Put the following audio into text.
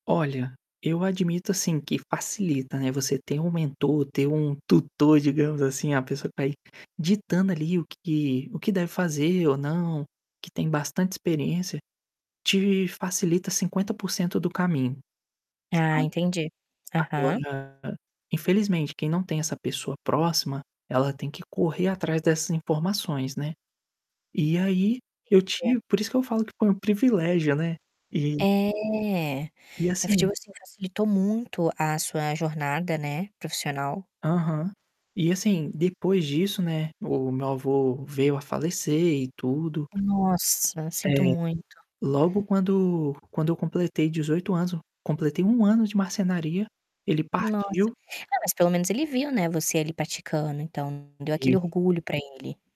Olha, eu admito, assim, que facilita, né, você ter um mentor, ter um tutor, digamos assim. A pessoa tá, aí, ditando, ali, o que o que deve fazer ou não, que tem bastante experiência, te facilita 50% do caminho, Ah, sabe. entendi, aham. Agora, infelizmente, quem não tem essa pessoa próxima, ela tem que correr atrás dessas informações, né, e aí eu Entendi. tive por isso que eu falo que, pô, é um privilégio, né. E É, e assim [unintelligible] facilitou muito a sua jornada né, profissional. Aham. E, assim, depois disso, né, o meu avô veio a falecer e tudo. Nossa, sinto Eh, muito. logo quando quando eu completei 18 anos, completei 1 ano de marcenaria, ele Nossa! partiu. É, mas, pelo menos, ele viu, né, você ali praticando, então, deu aquele Vivo. orgulho pra ele.